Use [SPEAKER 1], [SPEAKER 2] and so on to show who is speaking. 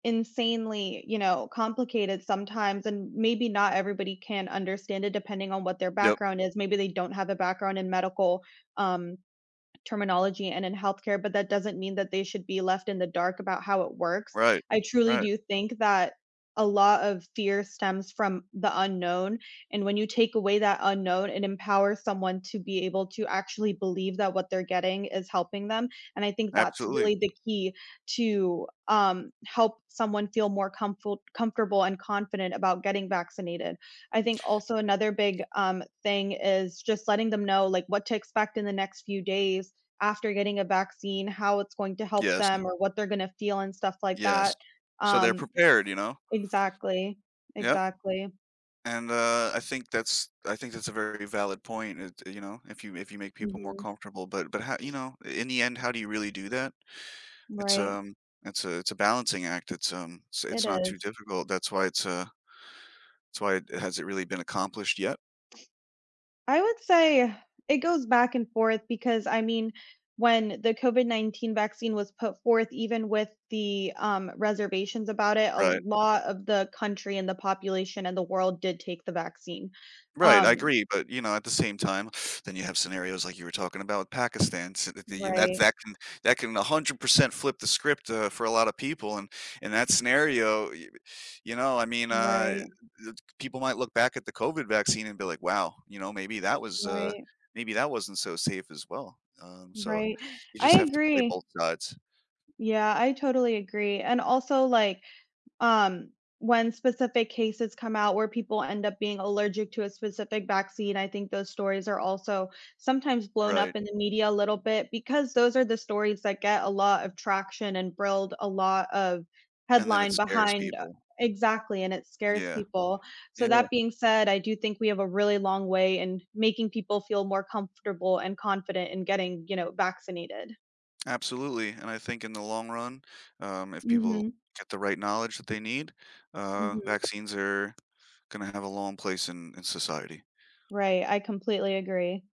[SPEAKER 1] Insanely, you know, complicated sometimes, and maybe not everybody can understand it depending on what their
[SPEAKER 2] Yup.
[SPEAKER 1] background is, maybe they don't have a background in medical, um, terminology and in healthcare, but that doesn't mean that they should be left in the dark about how it works,
[SPEAKER 2] Right,
[SPEAKER 1] I truly
[SPEAKER 2] right.
[SPEAKER 1] do think that a lot of fear stems from the unknown, and when you take away that unknown, it empowers someone to be able to actually believe that what they're getting is helping them, and I think that's
[SPEAKER 2] Absolutely.
[SPEAKER 1] really the key to, um, help someone feel more comfolt comfortable and confident about getting vaccinated, I think also another big, um, thing is just letting them know, like, what to expect in the next few days after getting a vaccine, how it's going to help
[SPEAKER 2] Yes.
[SPEAKER 1] them or what they're gonna feel and stuff like
[SPEAKER 2] Yes,
[SPEAKER 1] that,
[SPEAKER 2] so they're
[SPEAKER 1] um
[SPEAKER 2] prepared, you know?
[SPEAKER 1] exactly,
[SPEAKER 2] Yep.
[SPEAKER 1] exactly.
[SPEAKER 2] And, uh, I think that's I think that's a very valid point, uh, you know, if you if you make people more
[SPEAKER 1] Mhm.
[SPEAKER 2] comfortable, but but how, you know, in the end, how do you really do that, it's,
[SPEAKER 1] Right.
[SPEAKER 2] um, it's a it's a balancing act, it's, um,
[SPEAKER 1] It
[SPEAKER 2] it's not too
[SPEAKER 1] is.
[SPEAKER 2] difficult, that's why it's a it's why has it really been accomplished yet?
[SPEAKER 1] I would say, it goes back and forth because, I mean, when the COVID-19 vaccine was put forth, even with the, um, reservations about it, a
[SPEAKER 2] Right.
[SPEAKER 1] lot of the country and the population and the world did take the vaccine,
[SPEAKER 2] Right, I
[SPEAKER 1] um
[SPEAKER 2] agree, but you know, at the same time, then you have scenarios like you were talking about with Pakistans the and that
[SPEAKER 1] Right.
[SPEAKER 2] that can that can 100% flip the script, uh, for a lotta people, and, in that scenario, y you know, I mean, uh,
[SPEAKER 1] Right.
[SPEAKER 2] people might look back at the COVID vaccine and be like, "wow," you know, maybe that was, uh,
[SPEAKER 1] Right.
[SPEAKER 2] maybe that wasn't so safe as well, um, so
[SPEAKER 1] Right,
[SPEAKER 2] you
[SPEAKER 1] I
[SPEAKER 2] just have to play
[SPEAKER 1] agree.
[SPEAKER 2] both sides.
[SPEAKER 1] Yeah, I totally agree, and also like, um, when specific cases come out where people end up being allergic to a specific vaccine, I think those stories are also sometimes blown
[SPEAKER 2] Right.
[SPEAKER 1] up in the media a little bit, because those are the stories that get a lot of traction and build a lot of
[SPEAKER 2] And then it
[SPEAKER 1] headline
[SPEAKER 2] scares
[SPEAKER 1] behind
[SPEAKER 2] people.
[SPEAKER 1] exactly, and it scares
[SPEAKER 2] Yeah,
[SPEAKER 1] people, so
[SPEAKER 2] yeah.
[SPEAKER 1] that being said, I do think we have a really long way in making people feel more comfortable and confident in getting, you know, vaccinated.
[SPEAKER 2] Absolutely, and I think in the long run, um, if people
[SPEAKER 1] Mhm.
[SPEAKER 2] get the right knowledge that they need, uh,
[SPEAKER 1] Mhm.
[SPEAKER 2] vaccines are gonna have a long place in in society.
[SPEAKER 1] Right, I completely agree.